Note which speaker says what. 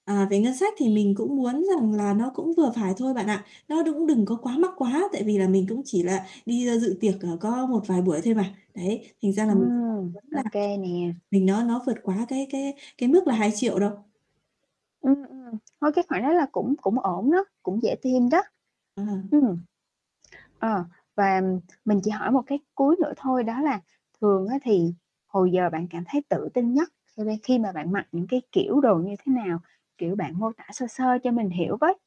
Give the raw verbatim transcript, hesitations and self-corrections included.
Speaker 1: À, về ngân sách thì mình cũng muốn rằng là nó cũng vừa phải thôi bạn ạ. Nó đũng đừng có quá mắc quá, tại vì là mình cũng chỉ là đi, ơ, dự tiệc, ờ, có một vài buổi thôi mà. Đấy, thành ra là mình cũng không
Speaker 2: Ừm,
Speaker 1: muốn
Speaker 2: ô
Speaker 1: là
Speaker 2: kê nè.
Speaker 1: mình nó nó vượt quá cái cái cái mức là hai triệu đâu.
Speaker 2: Ừm, ừm, thôi cái khoản đó là cũng cũng ổn đó, cũng dễ tìm đó.
Speaker 1: Ờ.
Speaker 2: Ừm, ờ, và mình chỉ hỏi một cái cuối nữa thôi đó là thường á thì hồi giờ bạn cảm thấy tự tin nhất khi me khi mà bạn mặc những cái kiểu đồ như thế nào? Kiểu, bạn mô tả sơ sơ cho mình hiểu với.